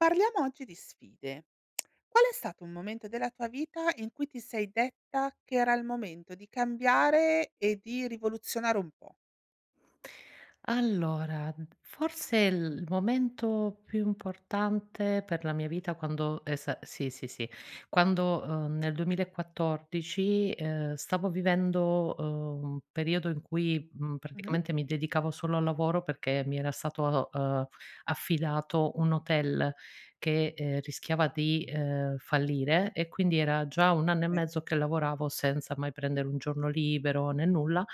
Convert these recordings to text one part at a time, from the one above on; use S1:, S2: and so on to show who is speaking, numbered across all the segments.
S1: Parliamo oggi di sfide: qual è stato un momento della tua vita in cui ti sei detta che era il momento di cambiare e di rivoluzionare un pò?
S2: Allora, forse l l momento più importante per la mia vita quando esa sì, sì, sì, quando, uhm, nel 2014, ehm, stavo vivendo, uhm, un periodo in cui, mhmm,
S1: Mh-mh.
S2: praticamente mi dedicavo solo al lavoro perché mi era stato, uhm, affidato un hotel che, ehm, rischiava di, ehm, fallire e quindi era già 1 anno e
S1: E
S2: mezzo che lavoravo senza mai prendere un giorno libero né nulla,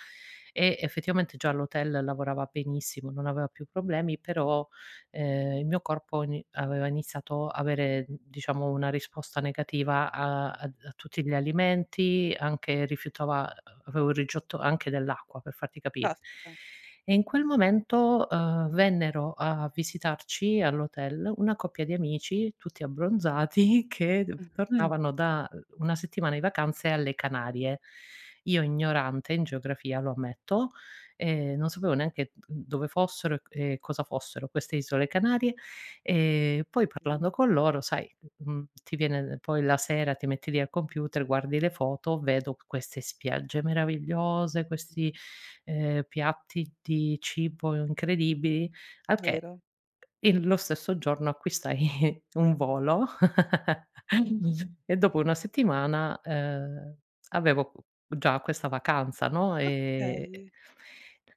S2: e effettivamente già l'hotel lavorava benissimo non aveva più problemi però, ehm, il mio corpo ni aveva iniziato avere n diciamo una risposta negativa a ad a tutti gli alimenti, anche rifiutava avevo il rigetto anche dell'acqua, per farti capire.
S1: Caspita.
S2: E in quel momento, uhm, vennero a visitarci all'hotel una coppia di amici tutti abbronzati, che duv
S1: Mh.
S2: tornavano da, uhm, una settimana di vacanze alle Canarie. Io, ignorante in geografia, lo ammetto, ehm, non sapevo neanche dove fossero e c e cosa fossero queste isole Canarie, ehm, poi parlando con loro, sai, mhmm, ti viene poi la sera ti metti lì al computer, guardi le foto, vedo queste spiagge meravigliose, questi, ehm, piatti di cibo incredibili, al che
S1: Vero.
S2: il lo stesso giorno acquistai un volo e dopo una settimana, ehm, avevo qu già questa vacanza, no, ehm
S1: Okay.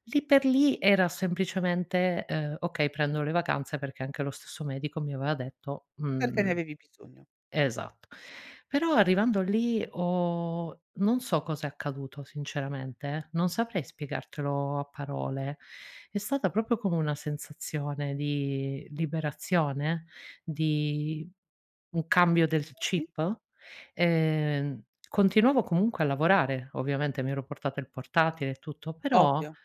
S2: lì per lì era semplicemente, uhm, "Okay prendono le vacanze," perché anche lo stesso medico mi aveva detto
S1: Perché ne
S2: mhmm,
S1: avevi bisogno.
S2: esatt però arrivando lì ho non so cosa è accaduto sinceramente, non saprei spiegartelo a parole, è stata proprio come una sensazione di liberazione, di un cambio del
S1: Okay.
S2: chip, ehm, continuavo comunque a lavorare, ovviamente mi ero portata il portatile e tutto però,
S1: Ovvio.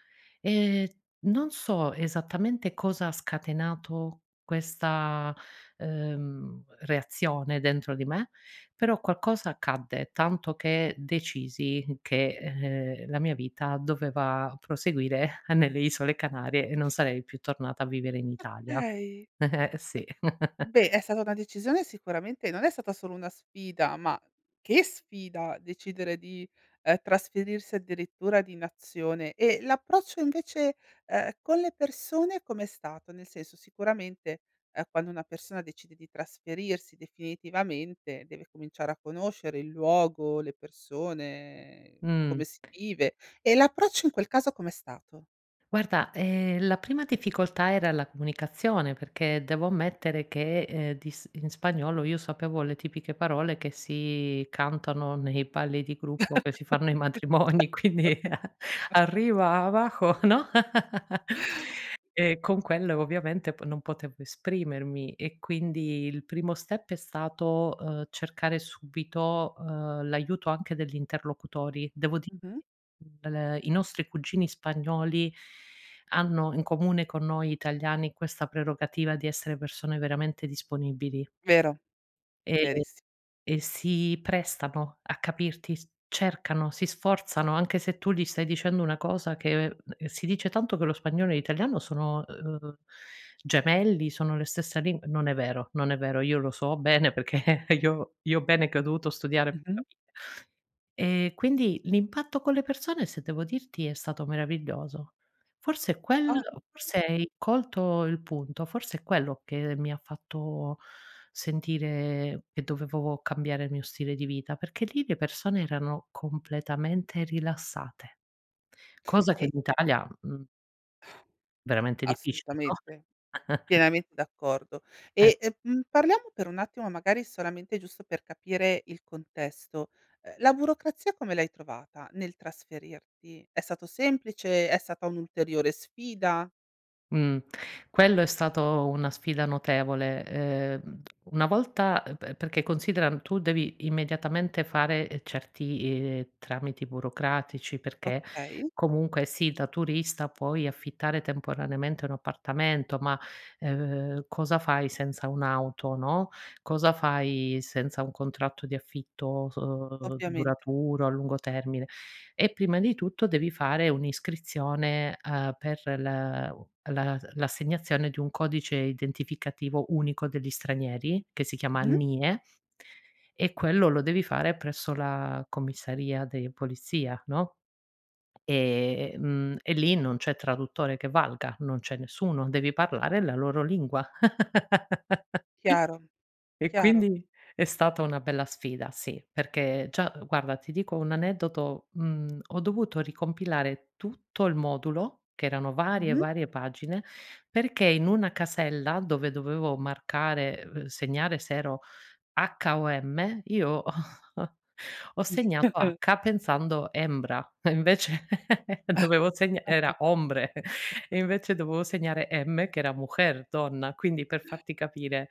S2: ehm, non so esattamente cosa ha scatenato questa, uhm, reazione dentro di me, però qualcosa accadde, tanto che decisi che, ehm, la mia vita doveva proseguire nelle isole Canarie e non sarei più tornata a vivere in Italia.
S1: Okay.
S2: Eh, sì.
S1: Beh, è stata una decisione sicuramente non è stata solo una sfida, ma che sfida! Decidere di, ehm, trasferirsi addirittura di nazione. E l'approccio, invece, uhm, con le persone com'è stato? Nel senso, sicuramente, uhm, quando una persona decide di trasferirsi definitivamente deve cominciare a conoscere il luogo, le persone,
S2: Mhmm.
S1: come si vive e l'approccio in quel caso com'è stato?
S2: Guarda, ehm, la prima difficoltà era la comunicazione perché devo ammettere che, ehm, di s in spagnolo io sapevo le tipiche parole che si cantano nei balli di gruppo, che si
S1: certo!
S2: fanno ai matrimoni, quindi arrivava co no, e con quelle, ovviamente, po non potevo esprimermi e quindi il primo step è stato, uhm, cercare subito, uhm, l’aiuto anche degli interlocutori. Devo di
S1: Mh-mh.
S2: l i nostri cugini spagnoli hanno in comune, con noi italiani, questa prerogativa di essere persone veramente disponibili.
S1: Vero.
S2: E
S1: Veriss
S2: e si prestano a capirti s cercano, si sforzano, anche se tu gli stai dicendo una cosa che ehm, si dice tanto che lo spagnolo e l'italiano sono, uhm, gemelli, sono le stessa lin non è vero non è vero, io lo so bene perché io io bene che ho dovuto studiare
S1: Mh-mh.
S2: capire. Ehm, quindi l'impatto con le persone, se devo dirti, è stato meraviglioso, forse è
S1: Oh!
S2: quello forse hai colto il punto, forse è quello che mi ha fatto sentire che dovevo cambiare il mio stile di vita, perché lì le persone erano completamente rilassate. Cosa che
S1: E
S2: in italia, mhmm, veramente difficile,
S1: Assolutamente.
S2: no?
S1: Pienamente d'accordo.
S2: E
S1: E, ehm, mhmm, parliamo per un attimo magari, solamente, giusto per capire il contesto, uhm, la burocrazia come l'hai trovata, nel trasferirti? È stato semplice? È stata un'ulteriore sfida?
S2: Mh, quello è stato una sfida notevole, ehm, una volta eh pe perché considera, uhm, tu devi immediatamente fare, ehm, certi, ehm, tramiti burocratici, perché
S1: Okay.
S2: comunque, sì, da turista puoi affittare temporaneamente un appartamento ma, ehm, cosa fai senza un'auto, no, cosa fai senza un contratto di affitto, s uhm,
S1: Ovviamente.
S2: duraturo, a lungo termine, e prima di tutto devi fare un'iscrizione, ehm, per la u la l'assegnazione di un codice identificativo unico degli stranieri, che si chiama
S1: Mh-mh.
S2: NIE e quello lo devi fare presso la comisaría de policía, no, ehm, e lì non c'è traduttore che valga, non c'è nessuno. Devi parlare la loro lingua
S1: Chiaro,
S2: e
S1: chiaro.
S2: quindi è stata una bella sfida, sì, perché già guarda ti dico un aneddoto, mhmm, ho dovuto ricompilare tutto il modulo, che erano varie e
S1: Mh-mh.
S2: varie pagine, perché in una casella dove dovevo marcare, uhm, segnare se ero H o M, io ho ho segnato H, pensando hembra, e invece dovevo segna era hombre e invece dovevo segnare, M, che era mujer, donna, quindi per farti capire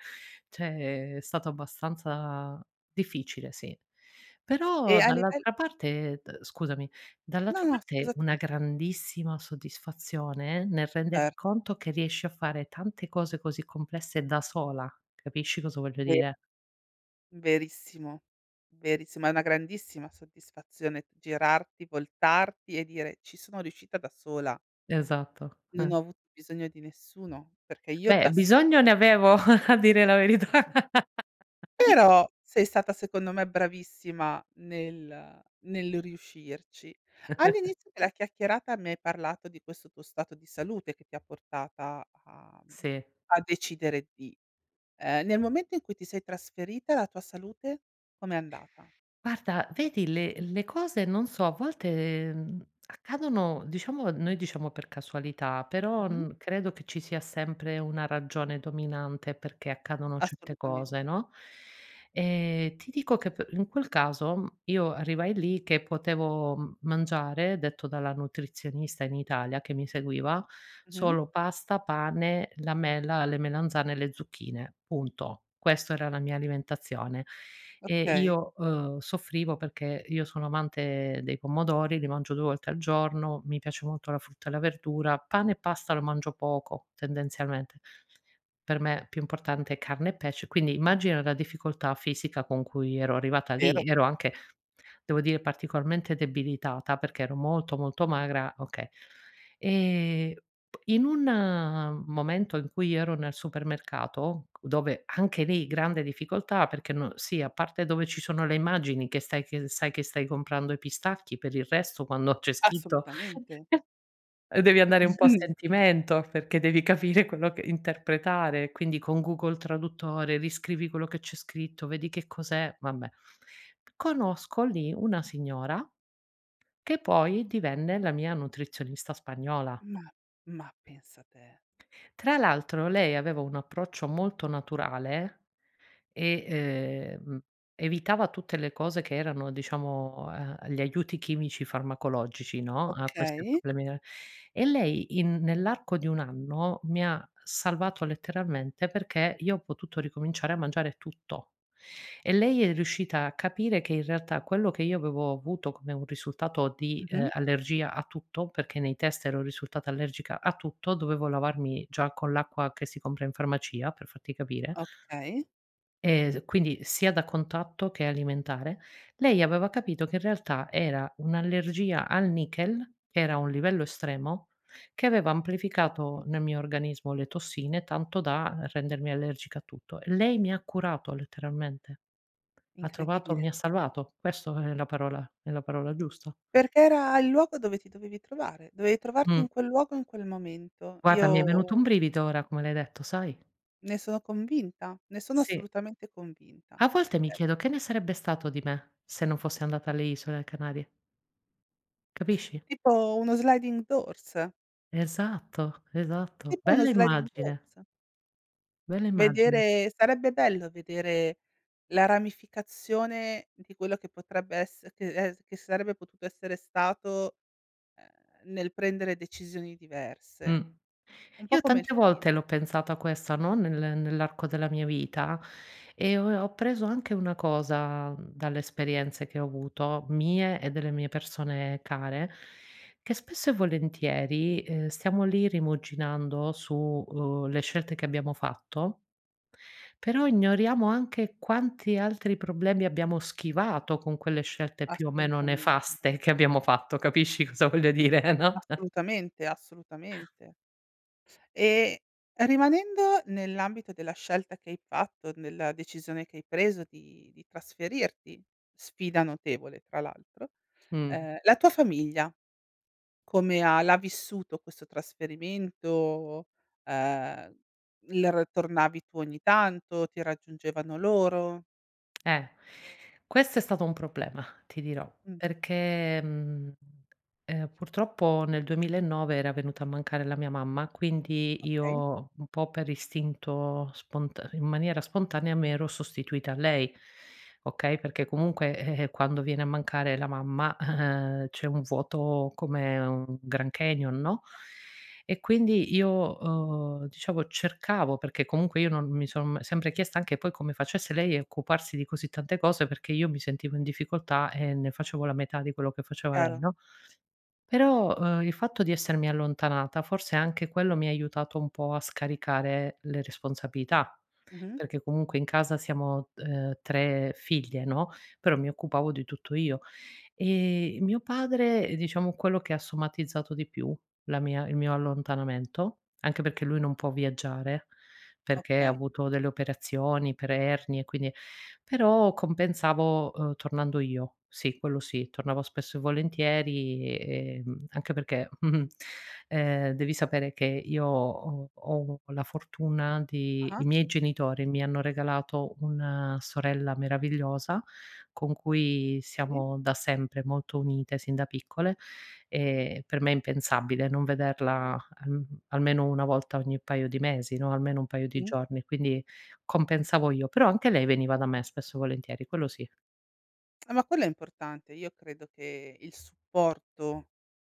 S2: cioè, è stato abbastanza difficile, sì.
S1: E
S2: Però
S1: a livell
S2: dall'altra parte d scusami,
S1: No,
S2: dall'altra
S1: no,
S2: parte
S1: scusa tu.
S2: una grandissima soddisfazione, nel render
S1: Certo.
S2: conto che riesci a fare tante cose così complesse da sola, capisci cosa voglio
S1: De
S2: dire?
S1: Verissimo, verissimo, è una grandissima soddisfazione girarti, voltarti e dire: "Ci sono riuscita da sola".
S2: Esatto.
S1: Non ho avuto bisogno di nessuno, perché io
S2: Beh,
S1: da sola
S2: bisogno ne avevo, a dire la verità.
S1: Però, sei stata secondo me bravissima nel nel riuscirci. All'inizio della chiacchierata, mi hai parlato di questo tuo stato di salute che ti ha portata a, uhm,
S2: Sì.
S1: a decidere di ehm, nel momento in cui ti sei trasferita, la tua salute com'è andata?
S2: Guarda, vedi le le cose non so, a volte, uhm, accadono diciamo noi diciamo per casualità, però
S1: Mh-mh.
S2: n credo che ci sia sempre una ragione dominante perché accadono certe cose,
S1: Assolutamente.
S2: no, ehm, ti dico che pe in quel caso io arrivai lì che potevo m mangiare, detto dalla nutrizionista in Italia che mi seguiva,
S1: Mh-mh.
S2: solo pasta, pane, la mela, le melanzane e le zucchine, punto. Questo era la mia alimentazione. E
S1: Okay.
S2: io, uhm, soffrivo perché io sono amante dei pomodori, li mangio 2 volte al giorno. Mi piace molto la frutta e la verdura, pane e pasta lo mangio poco tendenzialmente, per me più importante è carne e pesce, quindi immagina la difficoltà fisica con cui ero arrivata lì,
S1: Vero.
S2: ero anche devo dire particolarmente debilitata perché ero molto, molto magra, okay ehm, in un, uhm, momento in cui io ero nel supermercato, dove anche lì grande difficoltà perché n sì, a parte dove ci sono le immagini che stai che sai che stai comprando i pistacchi, per il resto quando c'è scritto
S1: Assolutamente.
S2: ehm, devi andare un po' a
S1: Mh-mh.
S2: sentimento, perché devi capire quello che interpretare, quindi con Google Traduttore riscrivi quello che c'è scritto, vedi che cos'è vabbè. Conosco lì una signora, che poi divenne la mia nutrizionista spagnola
S1: Mah, ma pensa te.
S2: Tra l'altro, lei aveva un approccio molto naturale e, ehm, evitava tutte le cose che erano, diciamo, ehm, gli aiuti chimici, farmacologici, no, a questi
S1: Okay.
S2: problemi de e lei in nell'arco di 1 anno, mi ha salvato letteralmente, perché io ho potuto ricominciare a mangiare tutto. E lei è riuscita a capire che in realtà quello che io avevo avuto come un risultato di, ehm,
S1: Mh-mh.
S2: allergia a tutto, perché nei test ero risultata allergica a tutto, dovevo lavarmi già con l'acqua che si compra in farmacia per farti capire
S1: Okay.
S2: e d quindi, sia da contatto che alimentare, lei aveva capito che in realtà era un'allergia al nichel, che era a un livello estremo, che aveva amplificato nel
S1: Incredibile.
S2: mio organismo le tossine, tanto da rendermi allergica a tutto. E lei mi ha curato letteralmente, ha trovato
S1: Incredibile.
S2: mi ha salvato, questo è la parola è la parola giusta.
S1: Perché era il luogo dove ti dovevi trovare. Dovevi trovarti in
S2: Mh.
S1: quel luogo, in quel momento,
S2: Guarda mi è
S1: io
S2: venuto un brivido, ora, come l'hai detto, sai?
S1: Ne sono convinta, ne sono
S2: Sì.
S1: assolutamente convinta.
S2: A volte mi
S1: Eh
S2: chiedo che ne sarebbe stato di me, se non fosse andata alle Isole Canarie? Capisci?
S1: Tipo uno sliding doors?
S2: Esatto, esatto
S1: Tipo uno
S2: bella
S1: sliding
S2: immagine.
S1: doors.
S2: Bella immagine.
S1: Vedere sarebbe bello vedere la ramificazione di quello che potrebbe esser che es che sarebbe potuto essere stato, uhm, nel prendere decisioni
S2: Mh,
S1: diverse. Un po'
S2: io
S1: come il
S2: tante volte
S1: film.
S2: l'ho pensata a questa no, nel nell'arco della mia vita, e ho ho appreso anche una cosa, mhmm, dalle esperienze che ho avuto mie e delle mie persone care, che spesso e volentieri, uhm, stiamo lì rimuginando su, uhm, le scelte che abbiamo fatto però ignoriamo anche quanti altri problemi abbiamo schivato con quelle scelte più o meno
S1: Assolutamente.
S2: nefaste che abbiamo fatto capisci cosa voglio dire no?
S1: Assolutamente, assolutamente. E rimanendo nell'ambito della scelta che hai fatto, nella decisione che hai preso di di trasferirti, sfida notevole tra l'altro,
S2: Mh.
S1: ehm, la tua famiglia come ha l'ha vissuto questo trasferimento uhm, il r tornavi tu ogni tanto, ti raggiungevano loro?
S2: Eh. Questo è stato un problema! Ti dirò,
S1: Mh.
S2: perché mhmm, ehm, purtroppo nel 2009 era venuta a mancare la mia mamma, quindi
S1: Okay.
S2: io un po' per istinto spont in maniera spontanea mi ero sostituita a lei. Okay, perché comunque, eh, quando viene a mancare la mamma, eh, c'è un vuoto come un Grand Canyon, no? E quindi io ho, uhm, diciamo cercavo perché comunque io non mi son sempre chiesta anche poi come facesse lei a occuparsi di così tante cose, perché io mi sentivo in difficoltà e ne facevo la metà di quello che faceva lei
S1: Chiaro.
S2: no? Però, eh, il fatto di essermi allontanata, forse anche quello mi ha aiutato un po' a scaricare le responsabilità,
S1: Mh-mh.
S2: perché comunque in casa siamo, uhm, 3 figlie no, però mi occupavo di tutto io. Ehm, e mio padre, diciamo quello che ha somatizzato di più la mia il mio allontanamento, anche perché lui non può viaggiare, perché ha
S1: Okay.
S2: avuto delle operazioni per ernie e quindi però compensavo uhm, tornando io. Sì quello sì. Tornavo spesso e volentieri, uhm, anche perché, ehm, devi sapere che io ho ho la fortuna di
S1: Ah-ah.
S2: i miei genitori mi hanno regalato una sorella meravigliosa, con cui
S1: Okay.
S2: siamo da sempre molto unite sin da piccole, ehm, per me è impensabile non vederla alm almeno una volta ogni paio di mesi no, almeno un paio di
S1: Mh.
S2: giorni, quindi compensavo io, però anche lei veniva da me spesso e volentieri quello sì.
S1: Ah, ma quello è importante. Io credo che il supporto,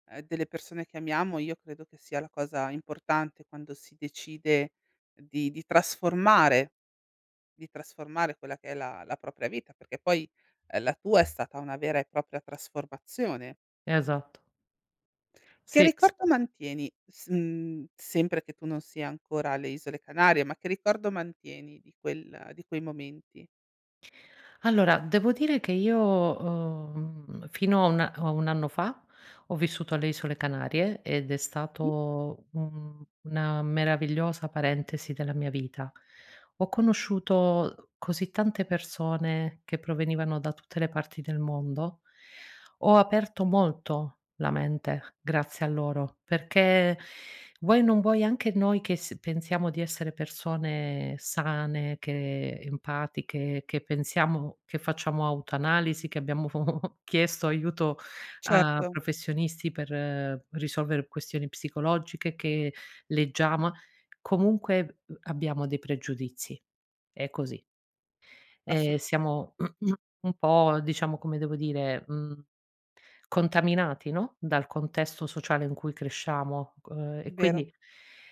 S1: ehm, delle persone che amiamo, io credo che sia la cosa importante quando si decide di di trasformare di trasformare quella che è la la propria vita, perché poi, ehm, la tua è stata una vera e propria trasformazione.
S2: Esatto.
S1: Che
S2: Sì, sì.
S1: ricordo mantieni s mhmm, sempre che tu non sia ancora alle isole Canarie, ma che ricordo mantieni di quel di quei momenti?
S2: Allora devo dire che io ho, uhm, mhmm, fino a una a un anno fa, ho vissuto alle isole Canarie ed è
S1: Mh-mh.
S2: stato un una meravigliosa parentesi della mia vita. Ho conosciuto così tante persone che provenivano da tutte le parti del mondo. Ho aperto molto la mente grazie a loro perché, vuoi o non vuoi anche noi che s pensiamo di essere persone sane, che empatiche, che pensiamo che facciamo autoanalisi, che abbiamo chiesto aiuto a
S1: Certo.
S2: professionisti per risolvere questioni psicologiche, che leggiamo comunque, uhm, abbiamo dei pregiudizi. È così. Ehm,
S1: Assolut
S2: siamo un po' diciamo, come devo dire, mhmm, contaminati no, dal contesto sociale in cui cresciamo, uhm, e
S1: Vero.
S2: quindi,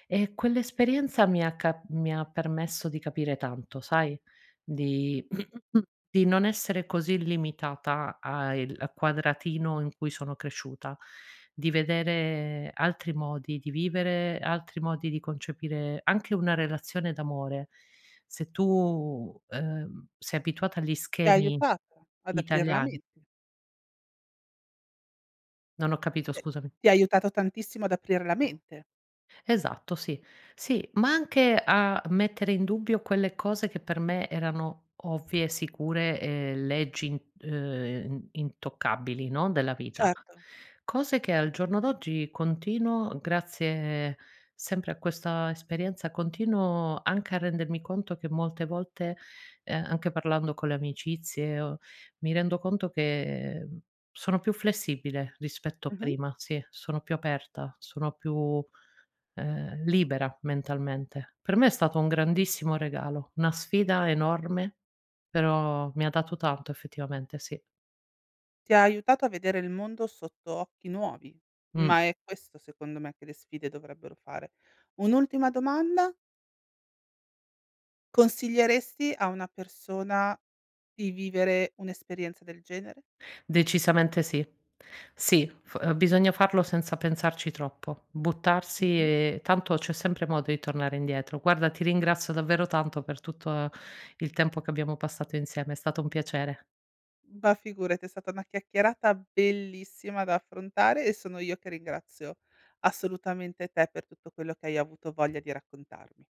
S2: ehm, quell'esperienza mi ha ca mi ha permesso di capire tanto sai? Di di non essere così limitata a il a quadratino in cui sono cresciuta, di vedere altri modi di vivere, altri modi di concepire anche una relazione d'amore. Se tu, uhm, sei abituata agli
S1: Ti ha
S2: schemi
S1: aiutata ad aprir la
S2: italiani
S1: mente.
S2: Non ho capito
S1: Eh,
S2: scusami.
S1: ti ha aiutato tantissimo ad aprir la mente.
S2: Esatto sì. Sì, ma anche a mettere in dubbio quelle cose che per me erano ovvie, sicure uhm, leggi int uhm, int intoccabili no, della vita.
S1: Certo.
S2: Cose che al giorno d'oggi continuo grazie, sempre a questa esperienza, continuo anche a rendermi conto che molte volte, ehm, anche parlando con le amicizie o mi rendo conto che, mhmm, sono più flessibile rispetto a
S1: Mh-mh.
S2: prima, sì sono più aperta, sono più, uhm, libera mentalmente. Per me è stato un grandissimo regalo. Una sfida enorme, però ha mi dato tanto effettivamente sì.
S1: Ti ha aiutato a vedere il mondo sotto occhi nuovi.
S2: Mh.
S1: Ma è questo secondo me che le sfide dovrebbero fare. Un'ultima domanda consiglieresti a una persona di vivere un'esperienza del genere?
S2: Decisamente sì. Sì f bisogna farlo senza pensarci troppo. Buttarsi
S1: Mh-mh.
S2: e tanto c'è sempre modo di tornare indietro. Guarda ti ringrazio davvero tanto per tutto il tempo che abbiamo passato insieme. È stato un piacere.
S1: Ma figurati è stata una chiacchierata bellissima da affrontare e sono io che ringrazio assolutamente te per tutto quello che hai avuto voglia di raccontarmi.